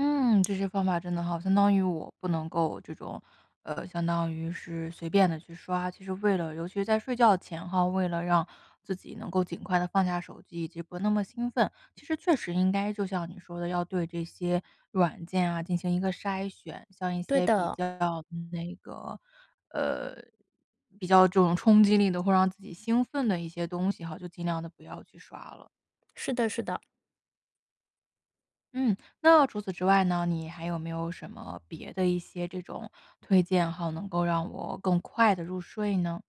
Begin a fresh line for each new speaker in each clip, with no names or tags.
嗯，这些方法真的好。相当于我，不能够，这种呃，相当于是随便地去刷。其实为了尤其是在睡觉前哈，为了让自己能够尽快地放下手机，以及不那么兴奋，其实确实应该就像你说的要对这些，软件啊，进行一个筛选，像一
对
些比
的。
较那个呃，比较这种冲击力的、会让自己兴奋的一些东西哈，就尽量地不要去刷了。
是的，是的。
嗯，那要除此之外呢，你还有没有什么别的一些这种，推荐号能够让我更快地入睡呢？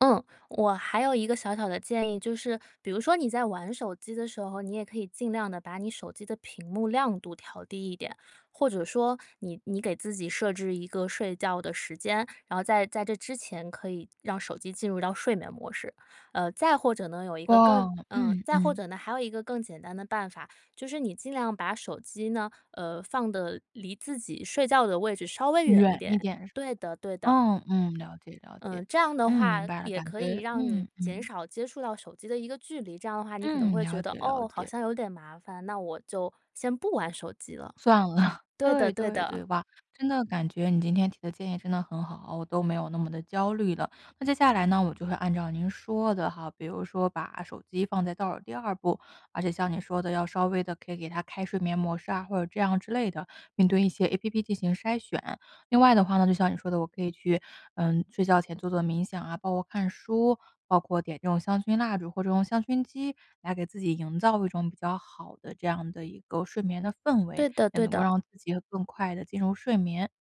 嗯。我还有一个小小的建议，就是，比如说你在玩手机的时候，你也可以尽量地把你手机的屏幕亮度调低一点，或者说你你给自己设置一个睡觉的时间，然后在在这之前可以，让手机进入到睡眠模式。呃，再或者呢，有一个
哇，
更呃，
嗯，
再或
嗯。
者呢，还有一个更简单的办法，就是你尽量把手机呢，呃，放得离自己睡觉的位置，稍微远一
远一
点。
点是吗？
对的，对的。
嗯，嗯，了解，了解，
嗯，这样的
嗯，
话，
明白了，
也
感
可以
觉
让你
嗯，
减
嗯。
少接触到手机的一个距离，这样的话你可能
嗯，
会
了
觉得，
解，了
哦，好
解。
像有点麻烦，那我就，先不玩手机了。
算了。
对
对，
的，对
对，对
的。
吧，真的感觉你今天提的建议真的很好，我都没有那么地焦虑了。那接下来呢，我就会按照您说的哈，比如说把手机放在倒数第2步，而且像你说的要稍微地可以给他开睡眠模式啊，或者这样之类的，并对一些 APP 进行筛选。另外的话呢，就像你说的，我可以去，嗯，睡觉前做做冥想啊，包括看书，包括点这种香薰蜡烛，或者用香薰机，来给自己营造一种比较好的这样的一个睡眠的氛围，
对的，
也
对
能够
的。
让自己更快地进入睡眠。